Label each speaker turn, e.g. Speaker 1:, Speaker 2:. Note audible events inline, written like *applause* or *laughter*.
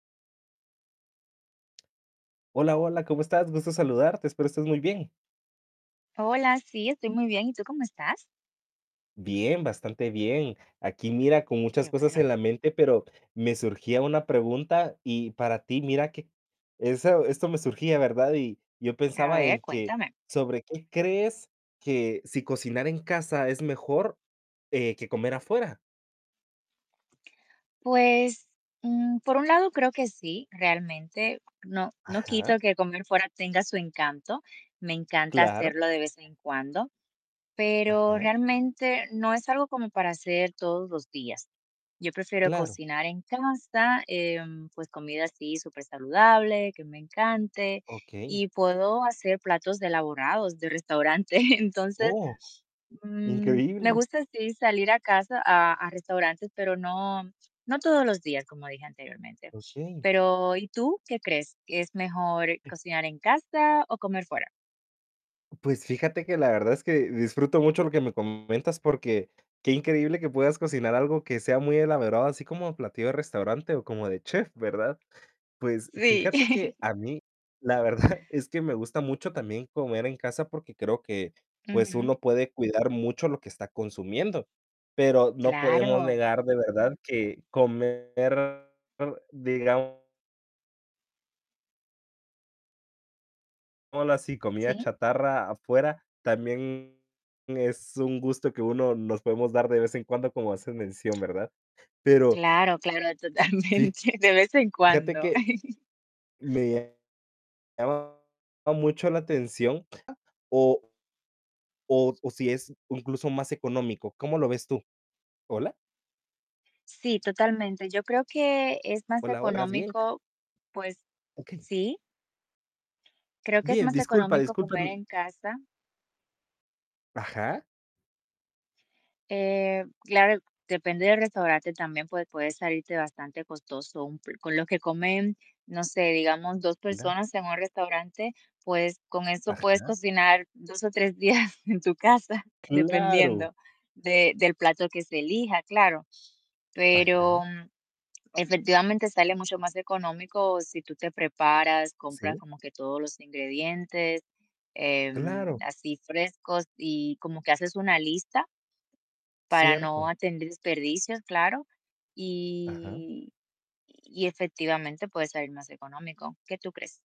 Speaker 1: Hola, hola, ¿cómo estás? Gusto saludarte. Espero estés muy bien.
Speaker 2: Hola. Sí, estoy muy bien, ¿y tú, cómo estás?
Speaker 1: Bien, bastante bien. Aquí, mira, con
Speaker 2: Qué
Speaker 1: muchas cosas
Speaker 2: bueno.
Speaker 1: en la mente, pero me surgía una pregunta. Y para ti mira, que eso esto me surgía, ¿verdad? Y yo
Speaker 2: A
Speaker 1: pensaba, en
Speaker 2: ver,
Speaker 1: que
Speaker 2: cuéntame.
Speaker 1: sobre qué crees, que, ¿si cocinar en casa es mejor, eh, que comer afuera?
Speaker 2: Pues, mm, por un lado, creo que sí. Realmente, no no
Speaker 1: Ajá.
Speaker 2: quito que comer fuera, tenga su encanto, me encanta
Speaker 1: Claro.
Speaker 2: hacerlo, de vez en cuando, pero
Speaker 1: Ajá.
Speaker 2: realmente, no es algo como para hacer todos los días. Yo prefiero
Speaker 1: Claro.
Speaker 2: cocinar en casa, em, pues, comida, así súper saludable, que me encante.
Speaker 1: Okey.
Speaker 2: Y puedo hacer platos elaborados, de restaurante. Entonces,
Speaker 1: Oh,
Speaker 2: mm, me
Speaker 1: increíble.
Speaker 2: gusta, sí, salir a casa a a restaurantes, pero no no todos los días, como dije anteriormente.
Speaker 1: Okey.
Speaker 2: Pero, ¿y tú, qué crees? ¿Que es mejor
Speaker 1: *unintelligible*
Speaker 2: cocinar en casa, o comer fuera?
Speaker 1: Pues, fíjate, que la verdad, es que disfruto mucho, lo que me comentas, porque, qué increíble, que puedas cocinar algo que sea muy elaborado, así como platillo de restaurante, o como de chef, ¿verdad? Pues,
Speaker 2: Sí.
Speaker 1: fíjate, que a
Speaker 2: *chuckles*
Speaker 1: mí, la verdad, es que me gusta mucho, también comer en casa, porque creo que, pues,
Speaker 2: Ujú.
Speaker 1: uno puede cuidar mucho, lo que está consumiendo. Pero no podemos
Speaker 2: Claro.
Speaker 1: negar, de verdad, que comer, digamos Digámoslo así, comida
Speaker 2: Sí.
Speaker 1: chatarra afuera, también es un gusto, que uno nos podemos dar, de vez en cuando, como haces mención, ¿verdad? Pero
Speaker 2: Claro, claro,
Speaker 1: fi
Speaker 2: totalmente. De vez en
Speaker 1: fíjate
Speaker 2: cuando.
Speaker 1: que
Speaker 2: *chuckles*
Speaker 1: me llamaba mucho la atención, o o s o si es incluso, más económico, ¿cómo lo ves tú? ¿Hola?
Speaker 2: Sí, totalmente. Yo creo, que es más
Speaker 1: Hola, hola, ¿estás bien?
Speaker 2: económico, pues
Speaker 1: Okey.
Speaker 2: Sí. Creo que es
Speaker 1: Bien.
Speaker 2: más
Speaker 1: Disculpa,
Speaker 2: económico,
Speaker 1: disculpa
Speaker 2: comer
Speaker 1: *unintelligible*
Speaker 2: en casa.
Speaker 1: Ajá.
Speaker 2: Eh, claro, depende del restaurante también, pues, puede salirte bastante costoso, un pl Con lo que comen, no sé, digamos, 2
Speaker 1: Mira.
Speaker 2: personas en un restaurante, pues, con eso puedes
Speaker 1: Ajá.
Speaker 2: cocinar, 2 o 3 días, en tu casa,
Speaker 1: Claro.
Speaker 2: dependiendo de del plato que se elija, claro. Pero,
Speaker 1: Ajá.
Speaker 2: mm, efectivamente, sale mucho más económico, si tú te preparas, compras
Speaker 1: Sí.
Speaker 2: como que todos los ingredientes, em,
Speaker 1: Claro.
Speaker 2: así frescos, y como que haces una lista para no
Speaker 1: Cierto.
Speaker 2: tener desperdicios, claro.
Speaker 1: Ajá.
Speaker 2: Y y efectivamente, puede salir más económico, ¿qué tú crees?